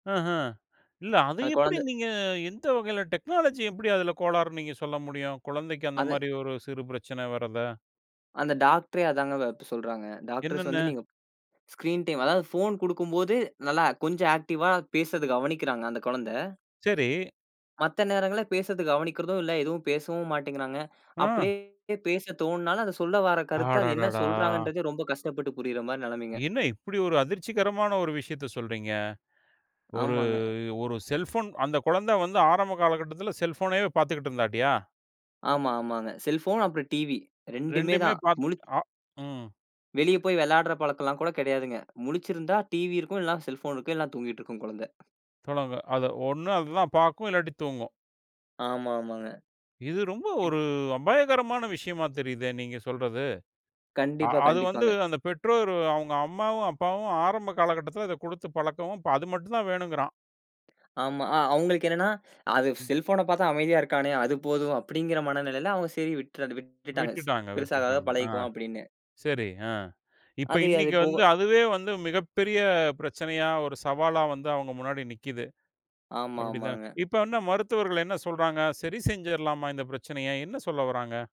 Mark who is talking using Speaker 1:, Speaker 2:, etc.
Speaker 1: ஆஹ. இல்ல. அது
Speaker 2: அந்த
Speaker 1: எப்படி
Speaker 2: கொழந்த
Speaker 1: நீங்க எந்த வகையில டெக்னாலஜி எப்படி அதுல கோளாறு நீங்கச் சொல்ல முடியும்? கொழந்தைக்கு அந்த
Speaker 2: அது
Speaker 1: மாதிரி ஒரு சிறு பிரச்சனை வரத.
Speaker 2: அந்த டாக்டரே அதாங்க வ இப்ப சொல்றாங்க. டாக்டர்ஸ்
Speaker 1: என்னன்னு?
Speaker 2: வந்து நீங்க ஸ்கிரீன் டைம் அதாவது ஃபோன் குடுக்கும்போது நல்லா கொஞ்சம் ஆக்டிவா பேசுறத கவனிக்கிறாங்க அந்தக் குழந்த.
Speaker 1: சரி.
Speaker 2: மத்த நேரங்கள்ல, பேசுறத கவனிக்கிறதும் இல்ல, எதுவும் பேசவும் மாட்டேங்கிறாங்க.
Speaker 1: ம்.
Speaker 2: அப்படியே பேசத் தோண்ணுனாலும் அது சொல்ல வாரக் கருத்த, அது என்ன
Speaker 1: அடடடா!
Speaker 2: சொல்றாங்கன்றதே ரொம்ப கஷ்டப்பட்டு புரியுற மாரி நிலமைங்க.
Speaker 1: என்ன இப்டியொரு அதிர்ச்சிகரமான ஒரு விஷயத்தச் சொல்றீங்க. ஒரு
Speaker 2: ஆமாங்க.
Speaker 1: ஒரு செல்போன் அந்தக் கொழந்த வந்து ஆரம்ப கால கட்டத்துல செல்போனயவே பாத்துகிட்டு இருந்தாட்டியா?
Speaker 2: ஆமா, ஆமாங்க. செல்போன் அப்புறம் TV 2
Speaker 1: 2
Speaker 2: தான்.
Speaker 1: பாத்
Speaker 2: முழுச்
Speaker 1: அ ம்.
Speaker 2: வெளிய போய் விளையாடுற பழக்கம்லாம் கூடக் கிடயாதுங்க. முழிச்சிருந்தா TV இருக்கும். இல்லன்னா செல்போன் இருக்கும், இல்லன்னா தூங்கிட்டுருக்கும் கொழந்த.
Speaker 1: தொடங்கு. அத ஒண்ணு அதுதான் பாக்கும். இல்லாட்டி தூங்கும்.
Speaker 2: ஆமா, ஆமாங்க.
Speaker 1: இது ரொம்ப ஒரு அபாயகரமான விஷயமா தெரியுதே! நீங்கச் சொல்றது. அ
Speaker 2: கண்டிப்பா,
Speaker 1: அது வந்து,
Speaker 2: கண்டிப்பாங்க.
Speaker 1: அந்தப் பெற்றோரு அவங்க அம்மாவும், அப்பாவும் ஆரம்ப கால கட்டத்துல அதக் குடுத்துப் பழக்கம். அது மட்டும்தான் வேணும்ங்கிறான்.
Speaker 2: ஆமா, அ அவங்களுக்கு என்னன்னா, அது செல்போன பாத்தா அமைதியா இருக்கானே, அது போதும் அப்படிங்கிற மனநிலைல அவங்க சரி விட்ரு விட்டுட்டாங்க. ஸ்
Speaker 1: விட்டுட்டாங்க.
Speaker 2: பெருசாகாக
Speaker 1: விட்டுட்டாங்க. அ.
Speaker 2: பழகிக்குவான் அப்படின்னு.
Speaker 1: சரி அ இப்ப
Speaker 2: அது-அது
Speaker 1: இன்னிக்கு வந்து
Speaker 2: போக
Speaker 1: அதுவே வந்து மிகப் பெரிய பிரச்சனையா, ஒரு சவாலா வந்து அவங்க முன்னாடி நிக்குது.
Speaker 2: ஆமா,
Speaker 1: அப்படித்தான்.
Speaker 2: ஆமாங்க.
Speaker 1: இப்ப என்ன மருத்துவர்கள் என்ன சொல்றாங்க? சரி, செஞ்சிரலாமா இந்தப் பிரச்சனைய? என்ன சொல்ல வராங்க?